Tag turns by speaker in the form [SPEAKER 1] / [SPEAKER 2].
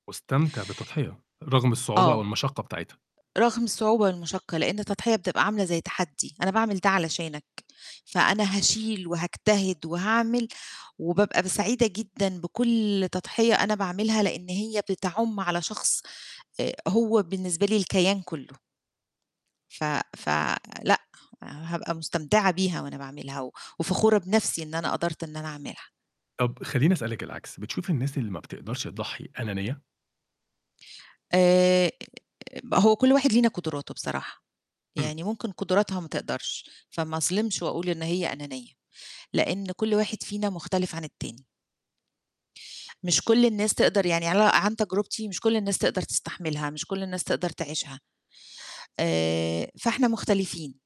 [SPEAKER 1] مستمتع بالتضحية، رغم الصعوبة أو
[SPEAKER 2] آه.
[SPEAKER 1] المشقّة بتاعتها.
[SPEAKER 2] رغم الصعوبة والمشقَّة، لأن التضحية بتبقى عاملة زي تحدّي، أنا باعمل ده علشانك، فأنا هاشيل وهاجتهد وهاعمل وبابقى ب سعيدة جدًا بكُلّ تضحية أنا باعملها لأن هي بتعُمّ على شخص آآ، هو بالنسبة لي الكيان كُلّه. ف ف لأ، هابقى مستمتعة بيها وأنا باعملها و وفخورة بنفسي إن أنا قدرت إن أنا أعملها.
[SPEAKER 1] طَب خليني أسألِك العكس، بتشوفي الناس اللي ما بتقدرش تضحّي، أنانية؟
[SPEAKER 2] آآ، هو كُلّ واحد لينا قدراته بصراحة،
[SPEAKER 1] امم.
[SPEAKER 2] يعني ممكن قدراتها ما تقدرش، فما أظلمش وأقول إن هي أنانيّة، لأن كُلّ واحد فينا مختلف عن التاني. مش كُلّ الناس تقدر يعني على عن تجربتي مش كُلّ الناس تقدر تستحملها، مش كُلّ الناس تقدر تعيشها، آآ، فإحنا مختلفين.